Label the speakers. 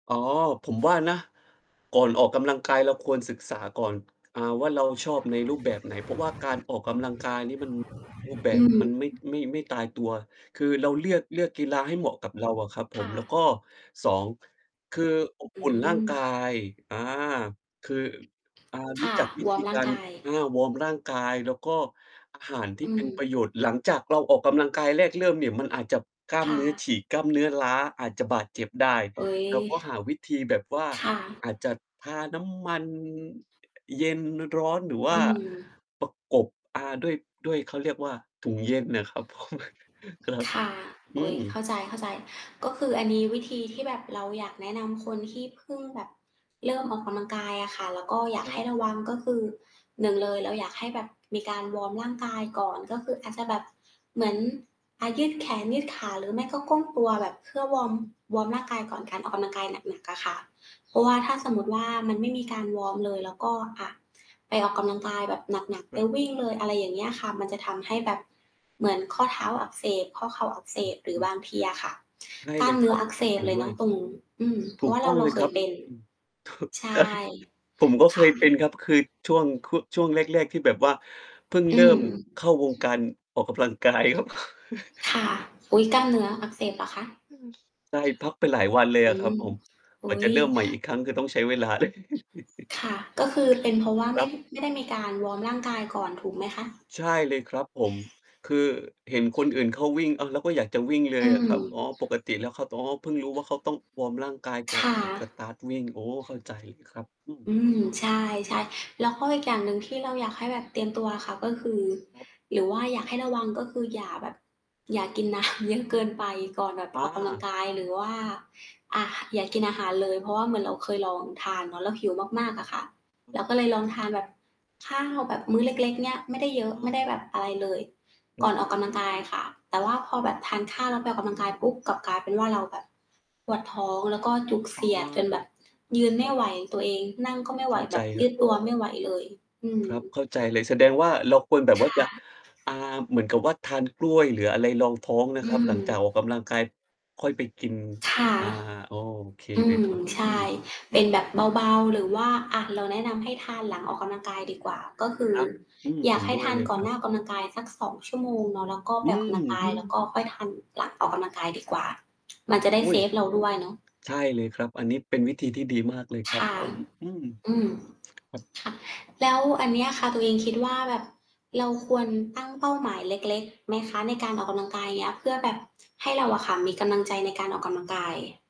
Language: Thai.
Speaker 1: อ๋อ ผมว่านะ ก่อนออกกำลัง กายเราควรศึกษาก่อน อ่า ว่าเราชอบในรูปแบบไหน เพราะว่าการออกกำลังกาย นี่มัน รูปแบ
Speaker 2: อื
Speaker 1: บ
Speaker 2: อ
Speaker 1: มันไม่ ไม่ ไม่ตายตัว คือเราเลียก เลือก กีฬาให้เหมาะกับเราอะครับผ
Speaker 2: ค่
Speaker 1: ม แล้ว
Speaker 2: ะ
Speaker 1: ก็ 2 คืออบ
Speaker 2: อื
Speaker 1: อุ่นร่างกา
Speaker 2: ม
Speaker 1: ย อา คือ อ่า
Speaker 2: ค
Speaker 1: รู้
Speaker 2: ่ะ
Speaker 1: จักวิ
Speaker 2: ว
Speaker 1: ธ
Speaker 2: อร์
Speaker 1: ี
Speaker 2: มร่
Speaker 1: ก
Speaker 2: า
Speaker 1: า
Speaker 2: ง
Speaker 1: ร
Speaker 2: กาย
Speaker 1: อา วอร์มร่างกาย แล้วก็อาหารที
Speaker 2: อ
Speaker 1: ่
Speaker 2: ื
Speaker 1: เป็นป
Speaker 2: ม
Speaker 1: ระโยชน์ หลังจากเราออกกำลังกายแรกเริ่มเนี่ย มันอาจจะกล้า
Speaker 2: ค
Speaker 1: ม
Speaker 2: ่
Speaker 1: เนื้อฉ
Speaker 2: ะ
Speaker 1: ีก กล้ามเนื้อล้า อาจจะบาดเจ็บได้
Speaker 2: เฮ้ย
Speaker 1: เราก็หาวิธีแบบว่า
Speaker 2: ค่ะ
Speaker 1: อาจจะทาน้ำมัน อ เย็น ร้อน หรือว
Speaker 2: อ
Speaker 1: ่า
Speaker 2: ืม
Speaker 1: ประกบ อ่า ด้วย ด้วย เขาเรียกว่าถุงเย็นน่ะ ครับผม ครับ
Speaker 2: ค่ะ
Speaker 1: อ
Speaker 2: โ
Speaker 1: ื
Speaker 2: อ๊ย เ
Speaker 1: ม
Speaker 2: ข้าใจ ๆ ก็คืออันนี้วิธีที่แบบเราอยากแนะนำ คนที่เพิ่งแบบ เริ่มออกกำลังกายอะค่ะ แล้วก็อยา
Speaker 1: ค
Speaker 2: ก
Speaker 1: ร
Speaker 2: ใ
Speaker 1: ั
Speaker 2: ห
Speaker 1: บ
Speaker 2: ้ระวัง ก็คือ 1 เลย เราอยากให้แบบมีการวอร์มร่างกายก่อน ก็คืออาจจะแบบ เหมือน อ่า ยืดแขน ยืดขา หรือไม่ก็ก้มตัวแบบเพื่อวอร์ม วอร์มร่างกายก่อนการออกกำลังกายหนัก ๆ อะค่ะ เพราะว่า ถ้าสมมุติว่า มันไม่มีการวอร์มเลย แล้วก็ อ่า ไปออกกำลังกายแบบหนัก ๆ
Speaker 1: ค
Speaker 2: ไป
Speaker 1: ุณ
Speaker 2: วิ่งเลย อะไรอย่างเงี้ยค่ะ มันจะทำให้แบบ เหมือนข้อเท้าอักเสบ ข้อเข่าอักเส
Speaker 1: อือ
Speaker 2: บ หรื
Speaker 1: อ
Speaker 2: อ
Speaker 1: ื
Speaker 2: บ
Speaker 1: อ
Speaker 2: างทีอะค่ะ
Speaker 1: ใช่
Speaker 2: กล
Speaker 1: เ
Speaker 2: ้า
Speaker 1: ล
Speaker 2: ม
Speaker 1: ย
Speaker 2: เ
Speaker 1: ค
Speaker 2: นื้
Speaker 1: ร
Speaker 2: อ
Speaker 1: ับ
Speaker 2: อักเส
Speaker 1: เห
Speaker 2: บ
Speaker 1: ็น
Speaker 2: เล
Speaker 1: ด
Speaker 2: ย
Speaker 1: ้
Speaker 2: เน
Speaker 1: ว
Speaker 2: าะ
Speaker 1: ย
Speaker 2: ตรง อืม เพ
Speaker 1: ถ
Speaker 2: รา
Speaker 1: ู
Speaker 2: ะว
Speaker 1: ก
Speaker 2: ่า
Speaker 1: ต
Speaker 2: เร
Speaker 1: ้
Speaker 2: า
Speaker 1: อง
Speaker 2: เรา
Speaker 1: เลย
Speaker 2: เค
Speaker 1: คร
Speaker 2: ย
Speaker 1: ับ
Speaker 2: เป็น
Speaker 1: อืม
Speaker 2: ใช
Speaker 1: ตกใจ
Speaker 2: ่
Speaker 1: ผมก็
Speaker 2: ค
Speaker 1: เค
Speaker 2: ่
Speaker 1: ยเป็น
Speaker 2: ะ
Speaker 1: ครับ คือช่วง ค ช่วงแรก ๆ ที่แบบว่าเพิ่ง
Speaker 2: อ
Speaker 1: เ
Speaker 2: ื
Speaker 1: ริ่
Speaker 2: ม
Speaker 1: มเข้าวงการออกกำลัง กายครับ
Speaker 2: ค่ะ อุ๊ย! กล้ามเนื้ออักเสบเหรอคะ?
Speaker 1: อือ ใช่ เลยพักไปหลายวันเลย
Speaker 2: อ
Speaker 1: อะ
Speaker 2: ื
Speaker 1: ครับ
Speaker 2: ม
Speaker 1: ผม
Speaker 2: อ
Speaker 1: กว่
Speaker 2: ุ
Speaker 1: า
Speaker 2: ๊
Speaker 1: จะ
Speaker 2: ย
Speaker 1: เริ่มใหม่อีกครั้งก็ต้องใช้เวลา เลย
Speaker 2: ค่ะ ก็คือเป็นเพราะว่า
Speaker 1: ค
Speaker 2: ไม
Speaker 1: รั
Speaker 2: ่
Speaker 1: บ
Speaker 2: ไม่ได้มีการวอร์มร่างกายก่อนถูกไหมคะ?
Speaker 1: ใช่เลยครับผม คือเห็นคนอื่นเขาวิ่ง อะ เราก็อยากจะวิ่งเล
Speaker 2: อ
Speaker 1: ย
Speaker 2: ื
Speaker 1: อะ
Speaker 2: ม
Speaker 1: ครับ อ๋อ ปกติแล้วเขา ต อ๋อ เพิ่งรู้ว่าเขาต้องวอร์มร่างกายก
Speaker 2: ค
Speaker 1: ่อน
Speaker 2: ่ะ
Speaker 1: ออก สตาร์ต วิ่ง โอ้ เข้าใจครับ อืม
Speaker 2: อืม ใช่ ๆ แล้วก็อีกอย่างหนึ่ง ที่เราอยากให้แบบเตรียมตัวอะค่ะ ก็คือ
Speaker 1: ครับ
Speaker 2: หรือว่าอยากให้ระวัง ก็คืออย่าแบบ อย่ากิน น้ำ เยอะเกินไป ก่อนแบบ
Speaker 1: อ
Speaker 2: ออกกำลัง
Speaker 1: า
Speaker 2: กาย หรือว่า อ่า อย่ากินอาหารเลย เพราะว่าเหมือนเราเคยลองทานเนาะ เราหิวมาก ๆ อะค่ะ
Speaker 1: อื
Speaker 2: เร
Speaker 1: อ
Speaker 2: า
Speaker 1: ฮ
Speaker 2: ก็
Speaker 1: ึ
Speaker 2: เลยลองทานแบบ ข้าวแบบมื้อเล็ก ๆ เนี่ย ไม่ได้เยอะ
Speaker 1: อะ
Speaker 2: ไม่ได
Speaker 1: ฮ
Speaker 2: ้
Speaker 1: ะ
Speaker 2: แบบอะไรเลย
Speaker 1: ค
Speaker 2: ก
Speaker 1: ร
Speaker 2: ่อ
Speaker 1: ั
Speaker 2: น
Speaker 1: บ
Speaker 2: ออกกำลังกายค่ะ แต่ว่าพอแบบทานข้าวแล้วไปออกกำลังกายปุ๊บ กลับกลายเป็นว่าเราแบบ ปวดท้อง แล้วก็จุกเ
Speaker 1: อ
Speaker 2: ส
Speaker 1: ๋อ
Speaker 2: ียดจนแบบยืน
Speaker 1: ค
Speaker 2: ไม
Speaker 1: รั
Speaker 2: ่
Speaker 1: บ
Speaker 2: ไหวตัวเอง นั่งก็ไม่ไ
Speaker 1: เข
Speaker 2: หว
Speaker 1: ้าใ
Speaker 2: แบ
Speaker 1: จ
Speaker 2: บ
Speaker 1: ค
Speaker 2: ย
Speaker 1: ร
Speaker 2: ื
Speaker 1: ับ
Speaker 2: ดตัวไม่ไหวเลย อืม อื
Speaker 1: ค
Speaker 2: อ
Speaker 1: รับ เข้าใจเล
Speaker 2: ฮ
Speaker 1: ย
Speaker 2: ึ
Speaker 1: แสดงว่าเราควรแบบ
Speaker 2: ค
Speaker 1: ว่า
Speaker 2: ่
Speaker 1: จะ
Speaker 2: ะ
Speaker 1: อ่า เหมือนกับ ว่าทานกล้วยหรืออะไรรองท้องน
Speaker 2: อ
Speaker 1: ะ
Speaker 2: ื
Speaker 1: ครับ ห
Speaker 2: ม
Speaker 1: ลังจากออกกำลังกายค่อยไปกิน
Speaker 2: ค่ะ
Speaker 1: อา อ้อ โอเค
Speaker 2: อื
Speaker 1: เลย
Speaker 2: ม
Speaker 1: ครับ
Speaker 2: ใช
Speaker 1: อื
Speaker 2: ่
Speaker 1: ม
Speaker 2: เป็นแบบเบา ๆ หรือว่า อ่า เราแนะนำให้ทานหลังออกกำลังกายดีกว่า ก็คือ
Speaker 1: ครับ อืม
Speaker 2: อย
Speaker 1: เ
Speaker 2: า
Speaker 1: ห
Speaker 2: ก
Speaker 1: ็น
Speaker 2: ให้
Speaker 1: ด้
Speaker 2: ท
Speaker 1: วย
Speaker 2: าน
Speaker 1: เลย
Speaker 2: ก่อ
Speaker 1: ค
Speaker 2: น
Speaker 1: ร
Speaker 2: ห
Speaker 1: ั
Speaker 2: น
Speaker 1: บ
Speaker 2: ้าออกกำลังกายสัก 2 ชั่วโมงเนาะ แล้วก็ไ
Speaker 1: อ
Speaker 2: ป
Speaker 1: ื
Speaker 2: ออกกำลังก
Speaker 1: ม
Speaker 2: าย แล้วก็ค่อยทานหลังออกกำลังกายดีกว่า มั
Speaker 1: คร
Speaker 2: น
Speaker 1: ั
Speaker 2: จ
Speaker 1: บ
Speaker 2: ะได้
Speaker 1: อุ๊ย!
Speaker 2: เราด้วยเนาะ
Speaker 1: ใช่เลยครับ อันนี้เป็นวิธีที่ดีมากเลย
Speaker 2: ค
Speaker 1: ครับ
Speaker 2: ่ะ
Speaker 1: ผม อืม
Speaker 2: อืม
Speaker 1: ครับ
Speaker 2: ค่ะ แล้วอันเนี้ยค่ะ ตัวเองคิดว่าแบบ เราควรตั้งเป้าหมายเล็ก ๆ ไหมคะในการออกกำลังกาย? อย่างเงี้ย เพื่อแบบให้เราอะค่ะมีกำลังใจในการออกกำลังกาย